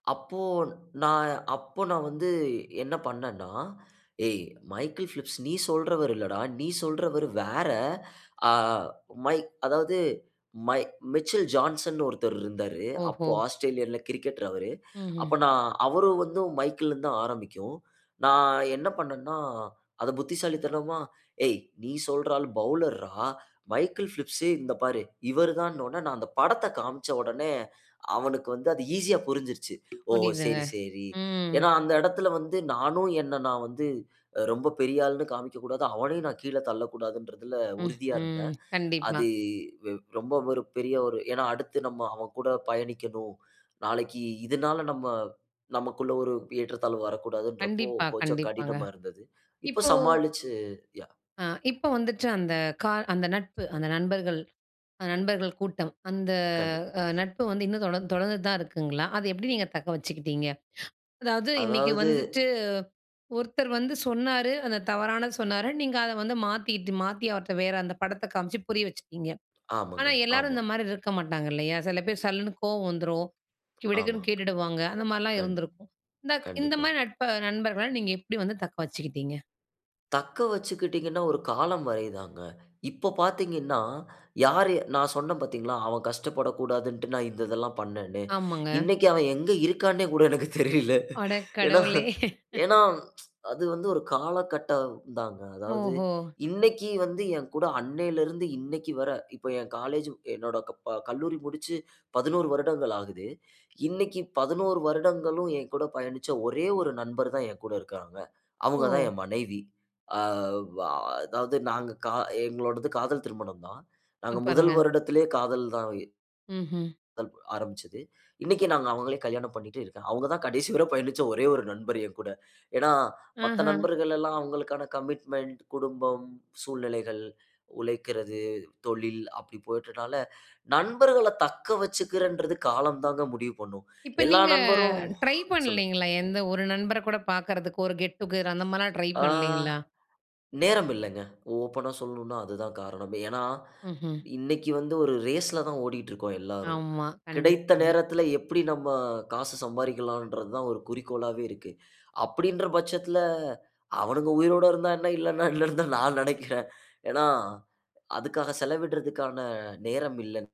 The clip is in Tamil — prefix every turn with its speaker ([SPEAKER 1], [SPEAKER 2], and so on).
[SPEAKER 1] "அப்போ நான் அப்ப நான் வந்து என்ன பண்ணணா, ஏய் மைக்கேல் பிலிப்ஸ் நீ சொல்றவர் இல்லடா. நீ சொல்றவரு வேற, அ மை அதாவது மை மிச்சல் ஜான்சன் னு ஒருத்தர் இருந்தாரு. அப்போ
[SPEAKER 2] ஓஹோ!
[SPEAKER 1] ஆஸ்திரேலியா ல கிரிக்கெட்டர் அவரு."
[SPEAKER 2] ம்ஹ்ம்.
[SPEAKER 1] அப்ப நான் "அவரும் வந்து மைக்கேல் இருந்து தான் ஆரம்பிக்கும்." நான் என்ன பண்ணன்னா, அத புத்திசாலித்தனமா, "ஏய் நீ சொல்ற ஆள் பவுலர் றா, மைக்கேல் பிலிப்ஸ் இந்த பாரு, இவர்தான்"னு உடனே நான் அந்த படத்த காண்பிச்ச உடனே, அவனுக்கு வந்து அது ஈசியா புரிஞ்சுருச்சு. "ஓ!
[SPEAKER 2] புரியுதுங்க.
[SPEAKER 1] சரி- சரி."
[SPEAKER 2] ம்.
[SPEAKER 1] ஏன்னா அந்த எடத்ல வந்து, நானும் என்ன நான் வந்து ரொம்ப பெரிய ஆள்னு காண்பிக்க கூடாது. அவனையும் நான் கீழே தள்ளக்கூடாதுன்றதுல உறுதியா
[SPEAKER 2] ம்ஹ்ம்.
[SPEAKER 1] இருந்தேன்.
[SPEAKER 2] கண்டிப்பா.
[SPEAKER 1] அது ரொம்ப ஒரு பெரிய ஒரு, ஏன்னா அடுத்து நம்ம அவன் கூட பயணிக்கணும். நாளைக்கு இதனால, நம்ம நமக்குள்ள ஒரு ஏற்றத்தாழ்வு வரக்கூடாதுன்றப்போ
[SPEAKER 2] கண்டிப்பா,
[SPEAKER 1] கொஞ்சம்
[SPEAKER 2] கண்டிப்பாங்க.
[SPEAKER 1] கடினமா இருந்தது. இப்போ
[SPEAKER 2] இப்போ
[SPEAKER 1] சமாளிச்சு யா
[SPEAKER 2] ஆ இப்ப வந்துட்டு அந்த கா அந்த நட்பு, அந்த நண்பர்கள், நண்பர்கள் கூட்டம், அந்த
[SPEAKER 1] கண்டு
[SPEAKER 2] நட்பு வந்து இன்னும் தொடர் தொடர்ந்துட்டு தான் இருக்குங்ளா? அத எப்டி நீங்க தக்க வச்சுக்கிட்டிங்க? அதாவது இன்னைக்கி
[SPEAKER 1] அதாவது...
[SPEAKER 2] வந்துட்டு, ஒருத்தர் வந்து சொன்னாரு, அத தவறானது சொன்னாரு. நீங்க அத வந்து மாத்திட்டு, மாத்தி அவர்ட்ட வேற அந்த படத்த காமிச்சு புரிய வச்சிட்டீங்க.
[SPEAKER 1] ஆமாங்க,
[SPEAKER 2] ஆனா எல்லாரும்
[SPEAKER 1] ஆமா.
[SPEAKER 2] இந்த மாரி இருக்க மாட்டாங்க இல்லயா? செல பேர் சல்லுன்னு கோவம் வந்துரும்.
[SPEAKER 1] ஆமா,
[SPEAKER 2] விடுக்குன்னு கேட்டுடுவாங்க. அந்த மாரிலாம்
[SPEAKER 1] கண்டு-
[SPEAKER 2] இருந்திருக்கும். இந்த இந்த
[SPEAKER 1] கண்டிப்பா.
[SPEAKER 2] மாரி நட்ப நண்பர்கள நீங்க எப்டி வந்து தக்க வச்சுக்கிட்டிங்க?
[SPEAKER 1] "தக்கவச்சுக்கிட்டீங்கன்னா, ஒரு காலம் வரை தாங்க. இப்ப பார்த்தீங்கன்னா, யாரு? நான் சொன்னேன், பார்த்தீங்ளா? அவன் கஷ்டப்படக்கூடாதுன்டு, நான் இந்த இதெல்லாம் பண்ணனேன்ன்னு."
[SPEAKER 2] ஆமாங்க.
[SPEAKER 1] இன்னைக்கி அவன் எங்கு இருக்கான்னே கூட எனக்கு தெரியல.
[SPEAKER 2] அட
[SPEAKER 1] ஏன்னா,
[SPEAKER 2] கடவுளே!
[SPEAKER 1] ஏன்னா, அது வந்து ஒரு காலகட்டம் தாங்க. அதாவது
[SPEAKER 2] ஓஹோ!
[SPEAKER 1] இன்னைக்கி வந்து என் கூட அன்னையிலுருந்து இன்னைக்கி வர இப்ப என் காலேஜ், என்னோட கல்லூரி முடிச்சு 11 வருடங்கள் ஆகுது. இன்னைக்கி 11 வருடங்களும் என்கூட பயணிச்ச ஒரே ஒரு நண்பர் தான் என் கூட இருக்காங்க.
[SPEAKER 2] ஓ!
[SPEAKER 1] அவங்கதான் என் மனைவி. ஆ- வ- அதாவது நாங்க எங்களோடது காதல் திருமணம் தான். நாங்க
[SPEAKER 2] சூப்பர்
[SPEAKER 1] முதல்
[SPEAKER 2] ருங்க.
[SPEAKER 1] வருடத்திலயே காதல் தான்
[SPEAKER 2] ம்ஹ்ம்.
[SPEAKER 1] ஆரம்பிச்சது. இன்னைக்கி நாங்க அவங்களயே கல்யாணம் பண்ணிட்டு இருக்கேன். அவங்க தான் கடைசி வர பயணிச்ச ஒரே ஒரு நண்பர் என்கூட. ஏன்னா, மத்த
[SPEAKER 2] ஆஹ.
[SPEAKER 1] நண்பர்கள்லல்லாம் அவங்களுக்கான கமிட்மென்ட், குடும்பம், சூழ்நிலைகள், உழைக்கிறது, தொழில் அப்டி போயிட்டதுனால, நண்பர்கள தக்க வச்சிக்கிறேன்றது, காலம் தாங்க முடிவு பண்ணும்.
[SPEAKER 2] இப்ப
[SPEAKER 1] எல்லா
[SPEAKER 2] நீங்க
[SPEAKER 1] நண்பரும்,
[SPEAKER 2] ட்ரை
[SPEAKER 1] சொல்லுங்க.
[SPEAKER 2] பண்ணலைங்ளா? எந்த ஒரு நண்பர கூட பார்க்குறதுக்கோ, ஒரு கெட் டுகெதர் அந்த மாரிலாம் ட்ரை
[SPEAKER 1] ஆ
[SPEAKER 2] பண்ணலைங்ளா?
[SPEAKER 1] நேரம் இல்லங்க. ஓப்பனா சொல்லனுன்னா அது தான் காரணமே. ஏன்னா
[SPEAKER 2] ம்ஹ்ம்.
[SPEAKER 1] இன்னைக்கி வந்து ஒரு ரேஸ் ல தான் ஓடிக்கிட்டு இருக்கோம் எல்லாரும்.
[SPEAKER 2] ஆமா
[SPEAKER 1] கிடைத்த
[SPEAKER 2] கண்டிப்பாக.
[SPEAKER 1] நேரத்ல எப்டி நம்ம காசு சம்பாரிக்கலான்றது தான் ஒரு குறிக்கோளாவே இருக்கு. அப்டின்ற பட்சத்துல, அவனுங்க உயிரோட இருந்தா என்ன, இல்லன்னா என்னன்னு தான் நான் நெனைக்கிறேன். ஏன்னா, அதுக்காக செலவிடுதற்கான நேரம் இல்ல.